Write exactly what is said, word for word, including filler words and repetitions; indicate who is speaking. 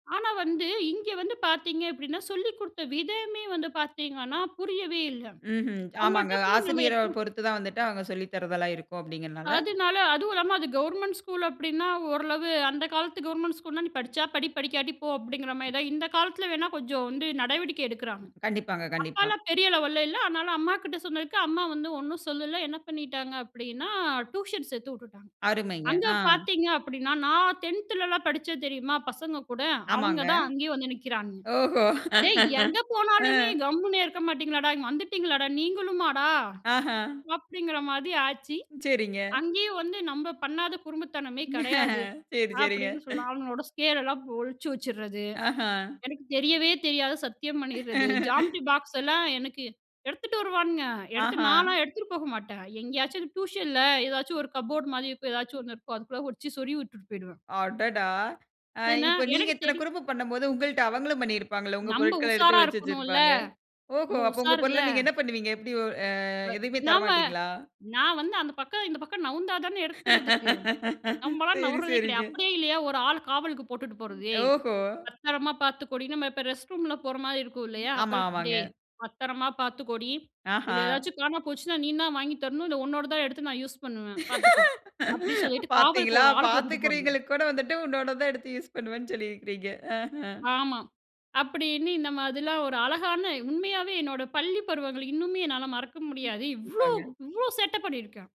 Speaker 1: ஆனா, வந்து இங்க வந்து பாத்தீங்க அப்டீன்னா, சொல்லிக் குடுத்த விதமே வந்து பாத்தீங்கன்னா, புரியவே இல்ல.
Speaker 2: ம்ஹும். ஆமாங்க.
Speaker 1: அவுங்கள்ட்ட போய் நம்ம
Speaker 2: ஆசிரியரப்
Speaker 1: எத்தன
Speaker 2: பொறுத்து தான் வந்துட்டு, அவுங்க சொல்லித் தரதெல்லாம் இருக்கும் அப்படிங்கிறனால
Speaker 1: அதுனால அதுவும் இல்லாம அது கவர்மெண்ட் ஸ்கூல் அப்டீன்னா, ஓரளவு அந்த காலத்து கவர்மெண்ட் ஸ்கூல்னா, "நீ படிச்சா படி படிக்காட்டி போ" அப்படிங்கிற மாரி தான். இந்த காலத்தில வேணா கொஞ்சம் வந்து நடவடிக்கை எடுக்குறாங்க.
Speaker 2: கண்டிப்பாங்க கண்டிப்பாக.
Speaker 1: அப்பாலாம பெரிய லெவல்ல இல்ல. அதனால, அம்மாகிட்ட சொன்னதுக்கு, அம்மா வந்து ஒண்ணும் சொல்லல. என்ன பண்ணிட்டாங்க அப்படின்னா, டியூஷன் சேத்து உட்டுட்டாங்க.
Speaker 2: அருமைங்க
Speaker 1: அங்க
Speaker 2: ஆ.
Speaker 1: பாத்தீங்க அப்படின்னா, நான் டென்த் துலலாம் படிச்சேன் தெரியுமா பசங்க கூட, அவன்ங்க
Speaker 2: ஆமாங்க.
Speaker 1: தான் அங்கேயேயும் வந்து நிக்குறானுங்க.
Speaker 2: ஓஹோ!
Speaker 1: 'ஏய் எங்க
Speaker 2: ஆ.
Speaker 1: போனாலுமே கம்முன்னே இருக்க மாட்டீங்களாடா? இங்க வந்துட்டீங்களாடா, நீங்களுமாடா?"
Speaker 2: ஆஹா.
Speaker 1: அப்படிங்கிற மாதி ஆச்சி.
Speaker 2: சரிங்க.
Speaker 1: அங்கேயும் வந்து நம்ப பண்ணாத குறும்புத்தனமே கெடையாது.
Speaker 2: செரி, செரிங்க.
Speaker 1: அப்படின்னு சொல்லலாம். அவனுகளோட ஸ்கேலெல்லாம் ஒழிச்சி வெச்சிட்றது.
Speaker 2: ஆஹா.
Speaker 1: "எனக்கு தெரியவே தெரியாது" சத்தியம் பண்ணிட்றது. ஜாம்மண்றி பாக்ஸ்லாம் எனக்கு எடுத்துட்டு வருவானுங்க. எடுத்து
Speaker 2: ஆஹா.
Speaker 1: நான்லாம் எடுத்துட்டு போக மாட்டேன். எங்கேயாச்சும் டியூஷன்ல, ஏதாச்சும் ஒரு கப்போர்டு மாரி இருக்கும். எதாச்சும் ஒண்ணு இருக்கும். அதுக்குள்ள ஒழிச்சி சொறிகி உட்டுட்டு போயிடுவேன்.
Speaker 2: அடடா! ஆ,
Speaker 1: ஏனா,
Speaker 2: இப்ப நீங்க
Speaker 1: எனக்கு
Speaker 2: இத்தன
Speaker 1: தெரியும்.
Speaker 2: குறும்பு பண்ணம்போது, உங்கள்ட அவங்களும் பண்ணியிருப்பாங்கல்ல! உங்க
Speaker 1: நம்ப
Speaker 2: பொருட்கள எடுத்து
Speaker 1: உஷாரா
Speaker 2: ஒழிச்சி
Speaker 1: இருக்கணும்ல,
Speaker 2: வெச்சிருப்பாங்க. ஓஹோ!
Speaker 1: நம்ப
Speaker 2: அப்ப உங்க
Speaker 1: உஷாருல்ல!
Speaker 2: பொருள நீங்க என்ன பண்ணுவீங்க? எப்டி ஆ,
Speaker 1: வ
Speaker 2: எதையுமே தர
Speaker 1: நாம
Speaker 2: மாட்டீங்களா?
Speaker 1: நான் வந்து அந்த பக்கம் இந்த பக்கம் நவுந்தா தான எடுக்கிறதுக்கு! நம்பலாம்
Speaker 2: சரி,
Speaker 1: நவுர்றதே
Speaker 2: சரிங்க.
Speaker 1: கெடையாது. அப்படியே இல்லையா, ஒரு ஆள் காவலுக்கு போட்டுட்டு
Speaker 2: ம்
Speaker 1: போறது. "ஏய்
Speaker 2: ஓஹோ!
Speaker 1: பத்திரமா பாத்துக்கோடி" நம்ம இப்போ ரெஸ்ட்ரூம்லாம் போற மாரி இருக்கும்
Speaker 2: ம்
Speaker 1: இல்லையா?
Speaker 2: ஆமா
Speaker 1: அப்போலாம்
Speaker 2: ஆமாங்க.
Speaker 1: "டேய் பத்திரமா பாத்துக்கோடி.
Speaker 2: ஆஹா.
Speaker 1: இதுல ஏதாச்சும் காணா போச்சுனா நீந்தான் வாங்கி தரணும். இல்ல உன்னோடது தான் எடுத்து நான் யூஸ் பண்ணுவேன். பாத்துக்கோ" அப்படி சொல்லிட்டு காவலுக்கு
Speaker 2: பார்த்தீங்களா,
Speaker 1: ஒரு ஆள போட்டுட்டு போறது.
Speaker 2: பார்த்துக்கிறவய்ங்களுக்கு கூட வந்துட்டு உன்னோட தான் எடுத்து யூசு பண்ணுவேன்னு சொல்லி இருக்கிறீங்க. அ,
Speaker 1: ஆமா, அப்படின்னு இந்த மாதிரிலாம் ஒரு அழகான உண்மையாவே என்னோட பள்ளி பருவங்கள் இன்னுமே என்னால மறக்க
Speaker 2: ம்
Speaker 1: முடியாது. இவ்வளோ
Speaker 2: கண்டிப்பாங்க.
Speaker 1: இவ்வளோ சேட்டப் பண்ணியிருக்கேன்.